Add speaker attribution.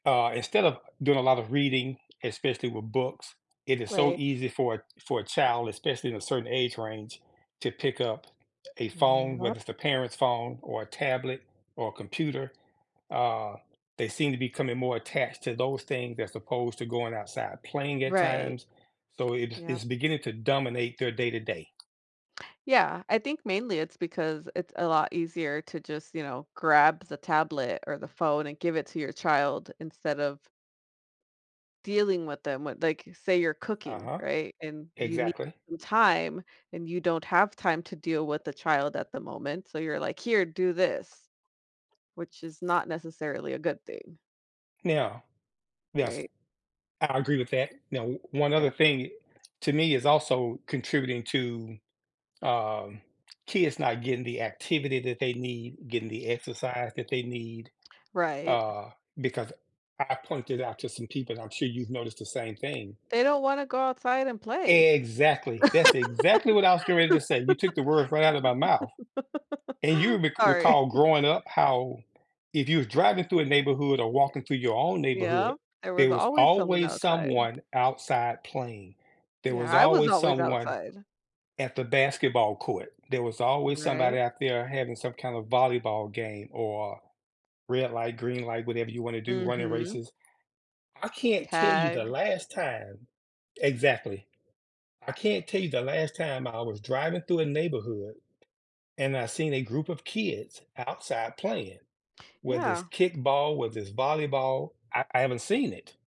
Speaker 1: Uh, instead of doing a lot of reading, especially with books, it is so
Speaker 2: Right.
Speaker 1: easy for a for a child, especially in a certain age range, to pick up a phone,
Speaker 2: Yep.
Speaker 1: whether it's a parent's phone or a tablet or a computer, uh, they seem to becoming more attached to those things as opposed to going outside playing at
Speaker 2: Right,
Speaker 1: times, so it's,
Speaker 2: yeah.
Speaker 1: it's beginning to dominate their day to day.
Speaker 2: Yeah, I think mainly it's because it's a lot easier to just, you know, grab the tablet, or the phone, and give it to your child instead of dealing with them with like, say you're cooking,
Speaker 1: Uh-huh,
Speaker 2: right, and you need
Speaker 1: exactly.
Speaker 2: some time, and you don't have time to deal with the child at the moment, so, you're like, here, do this, which is not necessarily a good thing.
Speaker 1: Now Yes,
Speaker 2: Right.
Speaker 1: I agree with that. Now, o one other
Speaker 2: Yeah.
Speaker 1: thing, to me is also contributing to, um, kids not getting the activity that they need, getting the exercise that they need,
Speaker 2: Right.
Speaker 1: uh, because I pointed out to some people and I'm sure you've noticed the same thing.
Speaker 2: They don't wanna go outside and play.
Speaker 1: Exactly, that's exactly what I was getting ready to say; you took the words right out of my mouth, and you re
Speaker 2: Sorry.
Speaker 1: recall growing up how if you were driving through a neighborhood, or walking through your own neighborhood,
Speaker 2: Yeah, there was
Speaker 1: there was
Speaker 2: always someone
Speaker 1: always
Speaker 2: outside.
Speaker 1: someone outside playing. There
Speaker 2: Yeah,
Speaker 1: was
Speaker 2: I was
Speaker 1: always
Speaker 2: always
Speaker 1: someone
Speaker 2: outside.
Speaker 1: at the basketball court; there was always somebody
Speaker 2: Right.
Speaker 1: out there having some kind of volleyball game or red light, green light, whatever you wanna do, running
Speaker 2: Mhm.
Speaker 1: races. I can't tell you the
Speaker 2: Tag.
Speaker 1: last time Exactly. I can't tell you the last time I was driving through a neighborhood, and I seen a group of kids outside playing, whether it's
Speaker 2: Yeah.
Speaker 1: kickball, whether it's volleyball, I I haven't seen it.